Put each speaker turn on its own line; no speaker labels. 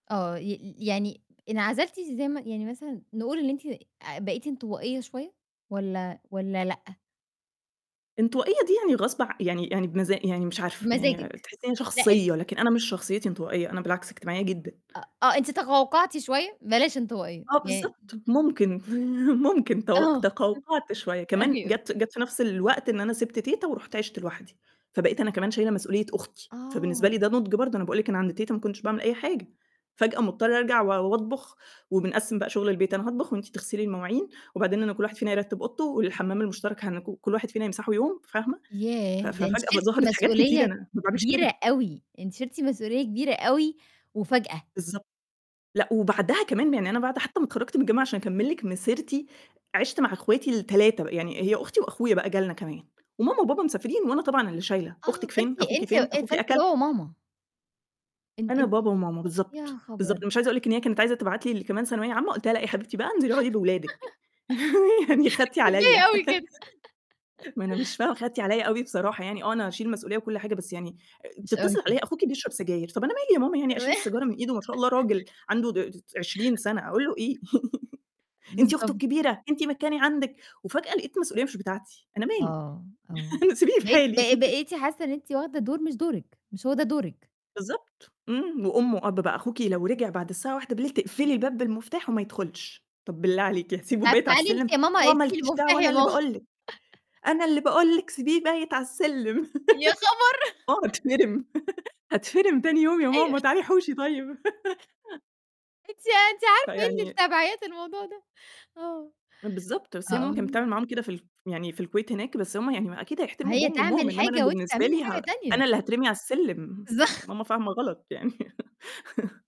آه، ي ي يعني انعزلتِ إزاي ما يعني مثلًا نقول إن أنتِ آآ بقيتِ انطوائية شوية والّا والّا لأ؟
انطوائية دي يعني غصب ع يعني يعني بمزا يعني مش عارفة،
بمزاجِك.
يعني تحسّيني
لأ، ال
شخصية، لكن أنا مش شخصيتي انطوائية، أنا بالعكس اجتماعية جدًا.
أ آه، أنتِ تقَوقَعتِ شوية، بلاش انطوائية،
آه
يعني
بالضبط، ممكن، ممكن تو
آه،
تقَوقَعت شوية. كمان
أيوه.
جَات جَات في نَفْس الوقت إن أنا سِبت تيتة ورُحت عِشت لوحدي، فبقيت أنا كمان شايلة مسؤولية أختي، فبالنسبة
آه.
لي ده نُضْج برضه، أنا باقول لِك أنا عند تيتة ما كنتش باعمل أي حاجة، فجأة مضطرة أرجع و وأطبُخ وبنقسّم بقى شُغل البيت، "أنا هاطبخ وأنتِ تغسلي المواعين وبعدين أنا كل واحد فينا يرتِّب أوضته والحَمّام المشترك هنك كل واحد فينا يمسحه يوم." فاهمة، ف
ياه! ده أنتِ
ففجأة
شِلتِ
ظهرت حاجات كتيرة
مسؤولية
أنا ما باعملش
كبيرة
كده.
أوي، أنتِ شِلتِ مسؤولية كبيرة أوي وفجأة.
بالضبط. لأ وبعدها كمان يعني أنا بعد حتّى ما اتخرّجت من الجامعة عشان أكمِّل لِك مسيرتي، عِشْت مع أخواتي ال3، يعني هي أختي وأخويا بقى جالنا كمان وماما وبابا مسافرين وأنا طبعًا اللي شايلة،
آه،
"أختِك فين؟
فأنتِ
أخوكِ
أنتِ
فين؟ أخوكِ
فأنتِ
أكل؟"
بابا وماما. إن
أنا
أنتِ
بابا وماما،
يا
بالضبط، بالضبط،
خبر!
مش عايز أقول لِك إن هي كانت عايزة تبعت لي كمان اللي ثانوية عامة، قُلت لها: "لأ، يا حبيبتي بقى انزلي أقعدي بأولادِك." يعني خدتِ عليّا.
كفاية أوي كده.
ما أنا مش فاهمة، خدتِ عليّا أوي بصراحة يعني، آه أنا هاشيل مسؤولية وكل حاجة، بس يعني
مش أوي
تتصل
كده.
عليّا "أخوكِ بيشرب سجاير." "طَب أنا مالي يا ماما يعني أشيل
تمام.
السجارة من إيده؟ّ! ما شاء الله راجل. عنده د ت 20 سَنة أقول له إيه؟" "أنتِ أخته
بالضبط.
الكبيرة، أنتِ مكاني عندِك." وفجأة لقيت مسؤولية مش بتاعتي. أنا مالي!
آه، آه.
أنا سبيني في
بقيتِ
حالي.
ب بقيتِ حاسّة إن أنتِ واخدة دور مش دورِك، مش هو ده دورِك.
بالضبط. إمم، وأم وأب بقى، "أخوكِ لو رجع بعد الساعة 01:00 تقفلي الباب بالمفتاح وما يدخُلش." "طَب بالله عليكِ هاسيبه
طَب
بايت على
تعالي
السلم!"
أنتِ يا ماما
"آه ما
ادّيني
لكيش
المفتاج
دعوة
يا
أنا اللي
ماما.
باقول لِك، أنا اللي باقول لِك سيبيه بايت علي السِلِّم."
يا خبر!
آه، هاتفِرم، هاتفِرم تاني يوم يا
أيوه.
ماما، تعالي حوشي طيب.
أنتِ أنتِ عارفة إيه اللي في
فيعني
تابيعات الموضوع ده آه.
بالضبط، بس هي ماما كانت
[unintelligible]
بتعمل معاهم كده في ال ف يعني في الكويت هناك، بس هم يعني ما أكيد
ما
هيحترموا
هي
أبوهم وأمّهم،
تعمل
إنّما أنا
حاجة وأنتِ
بالنسبة
تعملي
لي ه
حاجة تانية.
أنا اللي هاترمي على السِلِّم، يع
ظه
ماما فاهمة غلط، يعني